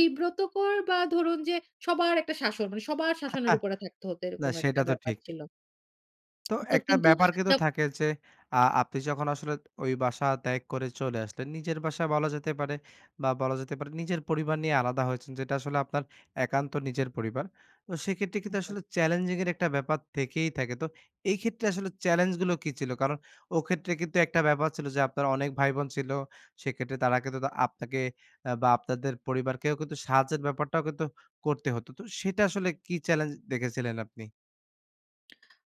বিব্রতকর বা ধরুন যে সবার একটা শাসন, মানে সবার শাসনের [unintelligible] উপরে থাকতে হ্তো না এরকম একটা সেটা তো ব্যাপার ঠিক। ছিল। তো তো একটা কিন্তু ব্যাপার কিন্তু না থাকে যে আ আপনি যখন আসলে ওই বাসা ত্যাগ করে চলে আসলেন নিজের বাসা বলা যেতে পারে বা বলা যেতে পারে নিজের পরিবার নিয়ে আলাদা হয়েছেন যেটা আসলে আপনার একান্ত নিজের পরিবার। তো সেক্ষেত্রে কিন্তু একদম। আসলে চ্যালেঞ্জিং এর একটা ব্যাপার থেকেই থাকে। তো এই ক্ষেত্রে আসলে চেলেঞ্জ গুলো কী ছিল? কারণ ও ক্ষেত্রে কিন্তু একটা ব্যাপার ছিল যে আপনার অনেক ভাই বোন ছিল। সেক্ষেত্রে তারা কিন্তু আপনাকে আ বা আপনাদের পরিবারকেও কিন্তু সাহায্যের ব্যাপারটাও কিন্তু করতে হতো তো, সেটা আসলে কী চ্যালেঞ্জ দেখেছিলেন আপনি?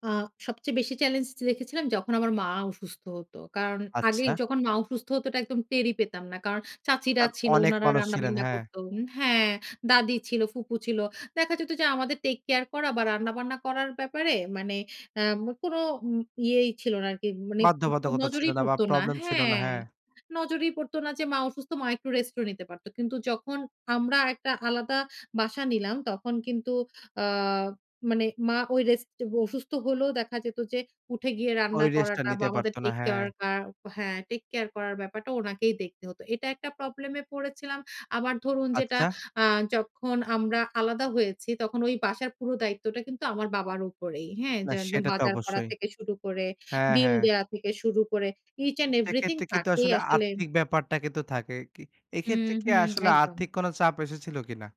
আ সবচেয়ে বেশি চ্যালেঞ্জ দেখেছিলাম যখন আমার মা অসুস্থ হতো। কারণ আগে আচ্ছা। যখন মা অসুস্থ হতো এটা একদম টেরই পেতাম না। কারণ চাচিরা আর ছিল অনেক উনারা মানুষ ছিলেন, রান্না-বান্না হ্যাঁ। করত। হ্যাঁ, দাদি ছিল ফুপু ছিল দেখা যেত যে আমাদের টেক-কেয়ার করা বা রান্না-বান্না করার ব্যাপারে মানে আম কোন উম ইয়েই ছিল না আরকি মানে বাধ্যবাধকতা ছিল নজরেই না বা পড়তো না, প্রবলেম ছিল না, হ্যাঁ। হ্যাঁ। নজরেই পড়তো না যে মা অসুস্থ মা একটু রেস্টও নিতে পারত। কিন্তু যখন আমরা একটা আলাদা বাসা নিলাম তখন কিন্তু আ মানে মা ওই রেস্ট অসুস্থ হলেও দেখা যেত যে উঠে গিয়ে ওই রান্না রেস্টটা করাটা বা নিতে আমাদের পারতো না, হ্যাঁ। টেক-কেয়ার কা হ্যাঁ টেক কেয়ার করার ব্যাপারটা ওনাকেই দেখতে হতো। এটা একটা প্রবলেমে পড়েছিলাম। আবার ধরুন যেটা আচ্ছা। আ যখন আমরা আলাদা হয়েছি তখন ওই বাসার পুরো দায়িত্বটা কিন্তু আমার বাবার উপরেই, হ্যাঁ? না যে একদম সেটা তো বাজার করা অবশ্যই। থেকে শুরু করে, হ্যাঁ, বিল হ্যাঁ। দেওয়া থেকে শুরু করে ইচ অ্যান্ড এভরিথিং সেক্ষেত্রে কিন্তু তাকেই আসলে আসলে আর্থিক ব্যাপারটা কিন্তু থাকে, কি হুম, এক্ষেত্রে কী হুম, আসলে একদম। আর্থিক কোন চাপ এসেছিল কী না?